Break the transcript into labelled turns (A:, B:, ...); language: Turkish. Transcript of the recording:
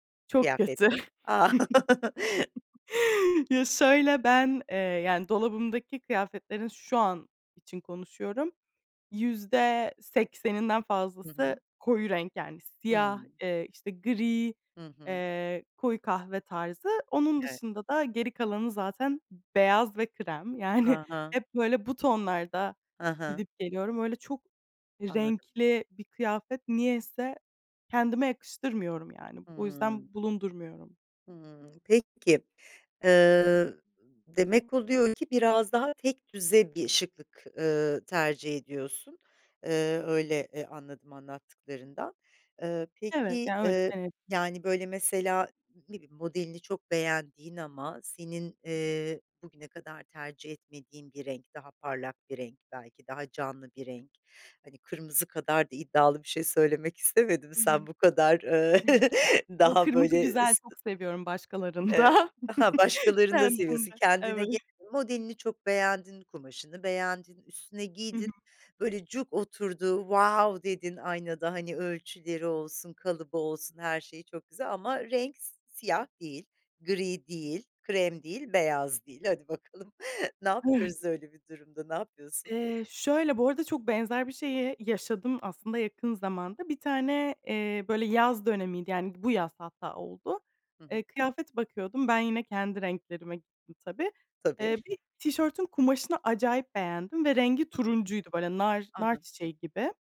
A: Çok kötü.
B: Kıyafeti? A.
A: Ya, şöyle, ben, eee, yani, dolabımdaki kıyafetlerin şu an için konuşuyorum; %80'inden
B: Hı
A: fazlası
B: hı.
A: koyu renk, yani siyah,
B: Hımm.
A: eee, işte gri,
B: Hı hı.
A: eee, koyu kahve tarzı. Onun
B: Evet.
A: dışında da, geri kalanı zaten beyaz ve krem. Yani,
B: A, ha.
A: hep böyle bu tonlarda
B: Hı hı.
A: gidip, geliyorum. Öyle çok
B: Anladım.
A: renkli bir kıyafet niyeyse kendime yakıştırmıyorum, yani. O
B: Hımm.
A: yüzden bulundurmuyorum.
B: Hımm. Peki, ııı, demek oluyor ki, biraz daha tekdüze bir şıklık, ııı, tercih ediyorsun. Iıı, öyle, e, anladım anlattıklarından. Iıı,
A: Evet,
B: peki,
A: yani öyle
B: ııı,
A: denebilir.
B: yani, böyle mesela, ne bileyim modelini çok beğendiğin ama senin,
A: Hı hı.
B: ııı, bugüne kadar tercih etmediğin bir renk, daha parlak bir renk belki, daha canlı bir renk, hani kırmızı kadar da iddialı bir şey söylemek istemedim,
A: Hı hı.
B: sen bu kadar, ııı,
A: Yo,
B: daha
A: kırmızı
B: böyle
A: güzel,
B: s,
A: çok seviyorum
B: evet,
A: başkalarında.
B: ha başkalarını da seviyorsun,
A: Kendimde
B: kendine
A: Evet.
B: gelelim: modelini çok beğendin, kumaşını beğendin, üstüne
A: Hı
B: giydin,
A: hı.
B: böyle cuk oturdu, wow dedin aynada, hani, ölçüleri olsun, kalıbı olsun, her şeyi çok güzel ama renk siyah değil, gri değil, krem değil, beyaz değil; hadi bakalım ne
A: [unintelligible]
B: yapıyoruz öyle bir durumda? Ne yapıyorsun?
A: Eee, şöyle, bu arada çok benzer bir şeyi yaşadım, aslında yakın zamanda. Bir tane, eee, böyle yaz dönemiydi; yani, bu yaz hatta oldu.
B: Hı hı.
A: Eee, kıyafet bakıyordum, ben yine, kendi renklerime gittim, tabii.
B: Tabii.
A: Eee, bir tişörtün kumaşını acayip beğendim ve rengi
B: Hı hı.
A: turuncuydu, böyle nar
B: A, ha.
A: narçiçeği gibi.